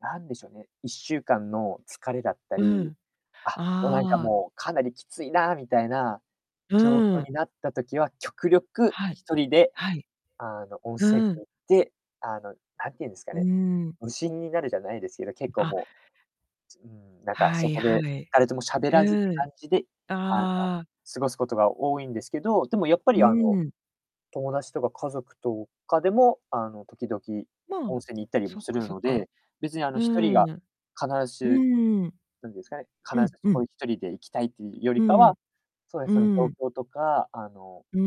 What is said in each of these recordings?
なんでしょうね、1週間の疲れだったり、うん。ああ、あもうなんかああ。もうかなりきついなみたいな、う状ー況ん。になった時は極力はい。1人ではい。あの、温泉うん。に行って、あの、なんていうんですかうーね、ん。無心になるじゃないですけど、結構あ。もう、つうーん、なんかはそいこはでい。誰ともしゃべらずってうん。感じであの、ああ。過ごすことが多いんですけど、でもやっぱうりあの、ん。友達とか家族とかでも、あの、時々まあ温泉に行ったりそもっすか、るそっのか。で、別にあのう1人がん必うず、んうん。なんですかね、必うんうんずうん。うん、うそこん。に1人で行きたいっていうようりかんうは、ん。そうでうすね、そんうのん。状況とか、あのうー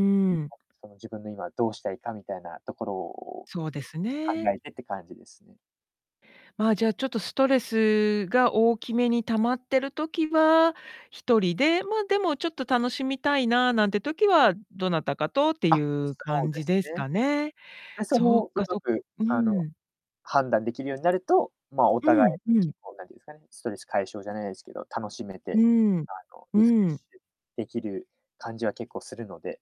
ん。その自分の今どうしたいかみたいなところをそうです考ね。えてって感じですね。まあ、じゃあ、ちょっとストレスが大きめに溜まってる時は1人で、ま、でもちょっと楽しみたいな、なんて時はどなたかとっていあ、うそう感でじすですね。かね。で、そそうの、うまか、そく、うあの、ん。判断できるようになると、ま、おう互いん、うん。結構なんていうんですかね、ストレス解消じゃないですけど、楽しめうて、ん。あのうリフレッん。シュできる感じは結構するので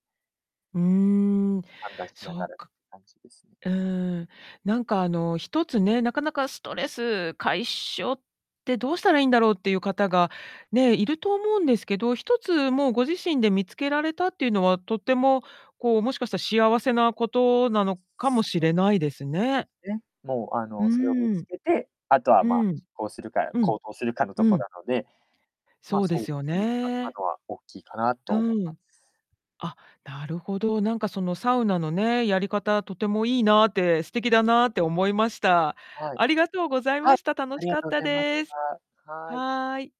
うん、判断しなそがうらってか感じですね。うーん。なんかあの1つね、なかなかストレス解消ってどうしたらいいんだろうっていう方がね、いると思うんですけど、1つもうご自身で見つけられたっていうのは、とっても、こうもしかしたら幸せなことなのかもしそ、れないですでね。すね、もうあうの、それを見ーつん。けて、あとは、うま、ん。実行するか、うん。行動するかのうとこん。なので、そま、うでそう、すよそういう使いね。方は大きいかなうと思いまん。す。あ、なるほど。なんかそのサウナのね、やり方とてもいいなって、素敵だなって思いました。はい。ありがとうございはまい、した。楽あしりがかっとうごたざいましです。た。はい。はい。